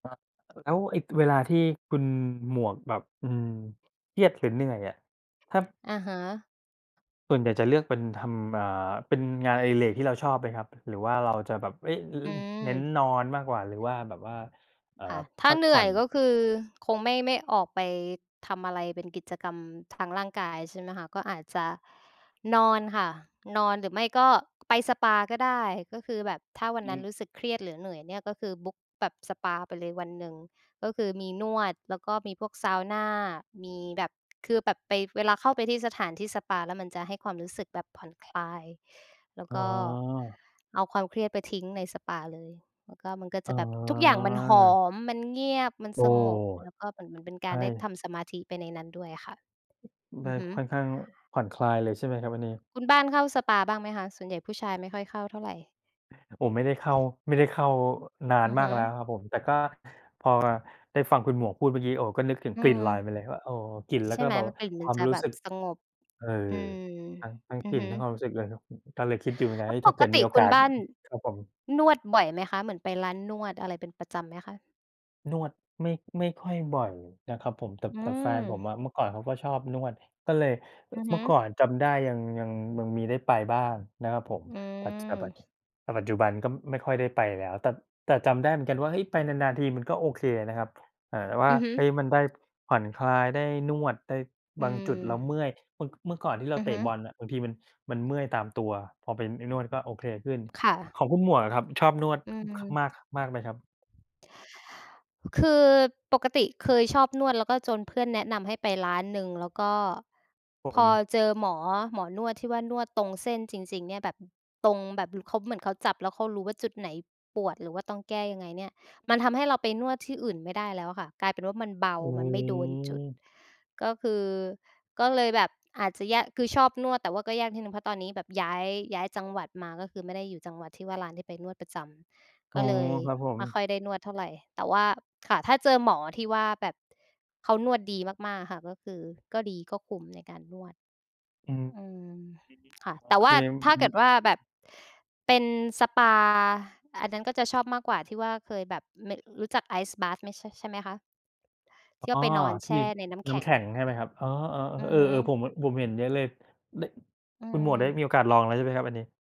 อา แล้วไอ้เวลาที่คุณหมวกแบบ อืม เครียด หรือเหนื่อยอะ ถ้า อะฮะ ส่วนใหญ่จะเลือกเป็นทำ อ่า เป็นงานอดิเรกที่เราชอบไหมครับ หรือว่าเราจะแบบ เอ๊ะ อ อืเม น้นนอนมากกว่า หรือว่าแบบว่า เอ่อ ค่ะ ถพ้าักเหนผื่่ออยน? ก็คือคงไม่ ไม่ออกไปทำอะไร เป็นกิจกรรมทางร่างกาย ใช่ไหมคะ ก็อาจจะนอนค่ะ นอน หรือไม่ก็ไปสปาก็ได้ ก็คือแบบถ้าวัอนืนั้นม รู้สึกเครียด หรือเหนื่อยเนี่ย ก็คือ บุ๊ก แบบสปาไปเลยวันหนึ่ง ก็คือมีนวด แล้วก็มีพวกเซานา มีแบบ คือแบบไป เวลาเข้าไปที่สถานที่สปา แล้วมันจะให้ความรู้สึกแบบผ่อนคลาย แล้วอ๋ก็อ เอาความเครียดไปทิ้งในสปาเลย แล้วก็มันก็อจ๋อ ะแบบ ทุกอย่างมันหเหรออ? ม มันเงียบ มันโอ้ สงบ แล้วก็เหมือน เหมือนเป็นใกชารได้ท่ ำสมาธิไปในนั้นด้วยอะค่ะ ไอด้ ือฮึ ค่อนข้างผ่อนคลายเลยใช่ไหมครับอันนี้? คุณบ้านเข้าสปาบ้างไหมคะ? ส่วนใหญ่ผู้ชายไม่ค่อยเข้าเท่าไร อา ผมไม่ได้เข้า ไม่ได้เข้า อ นาอนือมฮากึ แล้วครับผม แต่ก็พอ ได้ฟังคุณหมวกพูดเมื่อกี้ โอ้ ก็นึกถึงอืกลิ่นม ลอยมาเลยว่า โอ้ กลิ่น แล้ใชว่ก็ไหม แบบมัน กลิ่นคมัวนามจะรูแ้บสบึก สงบ เอ่อ อืม ทั้ง ทั้งอืกอลิ่ฮน ึ ทั้งความรู้สึกเลยครับ ก็เลยคิดอยู่เหมือนกัแน ล้เฮว่ย ถป้าเกกิดตมีิโอคกุาณส บ้าน ครับผม นวดบ่อยไหมคะ เหมือนไปร้านนวด อะไรเป็นประจำไหมคะ? นวด ไม่ ไม่ค่อยบ่อยนะครับผม แต่ อืแต่แฟนผมม อะ เมื่อก่อนเขาก็ชอบนวด ก็เลย อ อือเฮมื่อก่อึ นจำได้ ยัง ยัง ยังมีได้ไปบ้างนะครับผม อืปัจ จา ปัจ ม แต่ปัจจุบันก็ไม่ค่อยได้ไปแล้ว แต่ แต่จำได้เหมือนกันว่า เฮ้ย ไปนาน ๆ ทีมันก็โอเคนะครับ เอ่อ ว่า อือฮึ เฮ้ย มันได้ผ่อนคลาย ได้นวด ได้ อืบางจุดม เราเมื่อย เมื่อ เมื่อก่อนที่เรอาือเตฮึ ะบอลอะ บางทีมัน มันเมื่อยตามตัว พอไป ไปนวดก็โอเคขึ้น ค่ของะ คุณหมวกอะครับ ชอบนวด อือ ค มาก ม ค มากไหมครับ? พ คือ ปกติเคยชอบนวด แล้วก็จนเพื่อนแนะนำให้ไปร้านหนึ่ง แล้วก็ครับพผอม เจอหมอ หมอนวดที่ว่านวดตรงเส้นจริง ๆ เนี่ย ฮ แบบตรงแบบ ล เขา เหมือนเขาจับแล้วเขารู้ว่าจุดไหนปวด หรือว่าต้องแก้ยังไงเนี่ย มันทำให้เราไปนวดที่อื่นไม่ได้แล้วอะค่ะ กลายเป็นว่ามันเบา โอ้โมันไม่โดนจุด ฮ ก็คือ ก็เลยแบบอาจะแยก คือชอบนวด แต่ว่าก็ยากนิดหนึ่ง เพราะตอนนี้แบบย้าย ย้ายจังหวัดมา ก็คือไม่ได้อยู่จังหวัดที่ว่าร้านที่ไปนวดประจำ อก๋็อ เลยครับผไม ม่ค่อยได้นวดเท่าไร แต่ว่า ค่ะ ถ้าเจอหมอที่ว่าแบบเขานวดดีมาก ๆ อะค่ะ ก็คือก็ดี ก็คุ้มในการนวด อืม อืม ค่ะ อือฮึ อ๋อ แต่เคว่ราม ถอื้อาฮเึ กิดว่าแบบเป็นสปา อันนั้นก็จะชอบมากกว่า ที่ว่า เคยแบบ น รู้จัก Ice Bath ม ใช่ไหมคะ? ทอี่ว่๋อ าไปนอนแทชี่่ในน้ำแนข้ำ็แง ข็งใช่ไหมครับ อ๋อ อืๆ เออ่ฮอ ๆ ผึ มแบบ ผมเห็นเยอะเลย ล อืคุณหมวดได้มีโอม กาสลองแล้วใช่ไหมครับอันนี้?